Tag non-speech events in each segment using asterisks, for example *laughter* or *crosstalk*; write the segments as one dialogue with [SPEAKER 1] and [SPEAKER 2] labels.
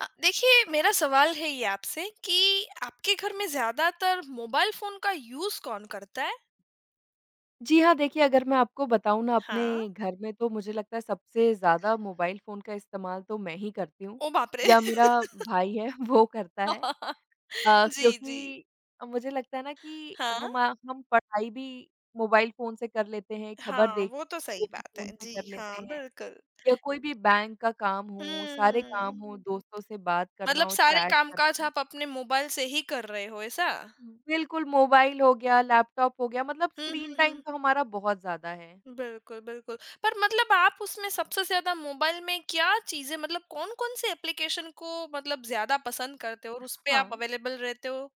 [SPEAKER 1] अ, देखिए, मेरा सवाल है ये आपसे कि आपके घर में ज़्यादातर मोबाइल फ़ोन का यूज़ कौन करता है?
[SPEAKER 2] जी हाँ। देखिए, अगर मैं आपको बताऊँ ना अपने
[SPEAKER 1] हाँ।
[SPEAKER 2] घर में तो मुझे लगता है सबसे ज़्यादा मोबाइल फ़ोन का इस्तेमाल तो मैं ही करती हूँ।
[SPEAKER 1] ओ बाप रे!
[SPEAKER 2] या मेरा
[SPEAKER 1] *laughs*
[SPEAKER 2] भाई है वो करता है।
[SPEAKER 1] *chuckles*
[SPEAKER 2] अ,
[SPEAKER 1] जी, जी।
[SPEAKER 2] क्योंकि मुझे लगता है ना कि
[SPEAKER 1] हाँ।
[SPEAKER 2] हमा हम पढ़ाई भी मोबाइल फ़ोन से कर लेते हैं, खबर
[SPEAKER 1] हाँ,
[SPEAKER 2] देख
[SPEAKER 1] वो तो
[SPEAKER 2] वो
[SPEAKER 1] सही
[SPEAKER 2] भी
[SPEAKER 1] बात है।
[SPEAKER 2] फ़ोन से
[SPEAKER 1] जी
[SPEAKER 2] कर
[SPEAKER 1] हाँ,
[SPEAKER 2] लेते हैं।
[SPEAKER 1] बिल्कुल।
[SPEAKER 2] या कोई भी बैंक का काम हो, सारे
[SPEAKER 1] हम्म।
[SPEAKER 2] काम हो दोस्तों से बात करना
[SPEAKER 1] मतलब
[SPEAKER 2] हो,
[SPEAKER 1] सारे
[SPEAKER 2] चैट कर
[SPEAKER 1] काम-काज
[SPEAKER 2] *unintelligible*
[SPEAKER 1] आप अपने मोबाइल से ही कर रहे हो, ऐसा?
[SPEAKER 2] उ, बिल्कुल मोबाइल हो गया, लैपटॉप हो गया मतलब
[SPEAKER 1] हुँ,
[SPEAKER 2] स्क्रीन
[SPEAKER 1] हुँ,
[SPEAKER 2] टाइम
[SPEAKER 1] हुँ।
[SPEAKER 2] तो हमारा बहुत ज़्यादा है।
[SPEAKER 1] बिल्कुल, बिल्कुल। पर मतलब आप उसमें सबसे ज़्यादा मोबाइल में क्या चीज़ें मतलब कौन-कौन से एप्लीकेशन को मतलब ज़्यादा पसंद करते हो और उसपे आप
[SPEAKER 2] हाँ।
[SPEAKER 1] अवेलेबल रहते हो?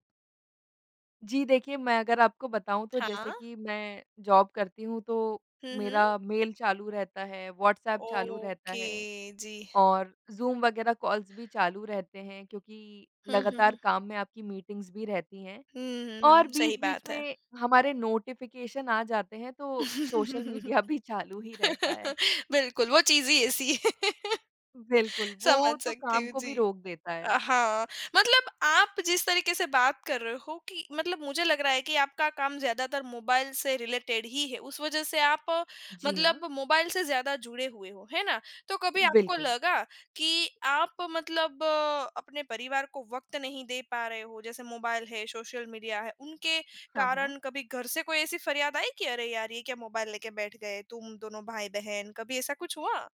[SPEAKER 2] जी देखिए, मैं अगर आपको बताऊँ तो जैसे
[SPEAKER 1] हाँ।
[SPEAKER 2] कि मैं जॉब करती हूँ तो
[SPEAKER 1] हुँ, हुँ।
[SPEAKER 2] मेरा मेल चालू रहता है, व्हाट्सएप चालू रहता
[SPEAKER 1] ओके,
[SPEAKER 2] है
[SPEAKER 1] जी।
[SPEAKER 2] और ज़ूम वगैरह कॉल्स भी चालू रहते हैं क्योंकि
[SPEAKER 1] हुँ, हुँ,
[SPEAKER 2] लगातार
[SPEAKER 1] हुँ।
[SPEAKER 2] काम में आपकी मीटिंग्स भी रहती हैं।
[SPEAKER 1] हुँ, हुँ,
[SPEAKER 2] और
[SPEAKER 1] हुँ। सही
[SPEAKER 2] बीच-बीच
[SPEAKER 1] बात है।
[SPEAKER 2] में हमारे नोटिफ़िकेशन आ जाते हैं तो सोशल मीडिया भी चालू ही रहता है।
[SPEAKER 1] *laughs* बिल्कुल, वो चीज़ ही ऐसी *laughs*
[SPEAKER 2] बिल्कुल, वो
[SPEAKER 1] समझ
[SPEAKER 2] तो
[SPEAKER 1] सकती
[SPEAKER 2] काम
[SPEAKER 1] हूँ।
[SPEAKER 2] को भी
[SPEAKER 1] जी।
[SPEAKER 2] रोक देता
[SPEAKER 1] अ,
[SPEAKER 2] है।
[SPEAKER 1] हाँ मतलब आप जिस तरीके से बात कर रहे हो कि मतलब मुझे लग रहा है कि आपका काम ज़्यादातर मोबाइल से रिलेटेड ही है। उस वज़ह से आप
[SPEAKER 2] जी हाँ।
[SPEAKER 1] मतलब मोबाइल से ज़्यादा जुड़े हुए हो, है ना? तो कभी आपको
[SPEAKER 2] बिल्कुल।
[SPEAKER 1] लगा कि आप मतलब अपने परिवार को वक़्त नहीं दे पा रहे हो जैसे मोबाइल है, सोशल मीडिया है उनके
[SPEAKER 2] हाँ, हाँ।
[SPEAKER 1] कारण कभी घर से कोई ऐसी फरियाद आई कि अरे यार ये क्या मोबाइल ले के बैठ गए तुम दोनों भाई-बहन कभी ऐसा कुछ हुआ?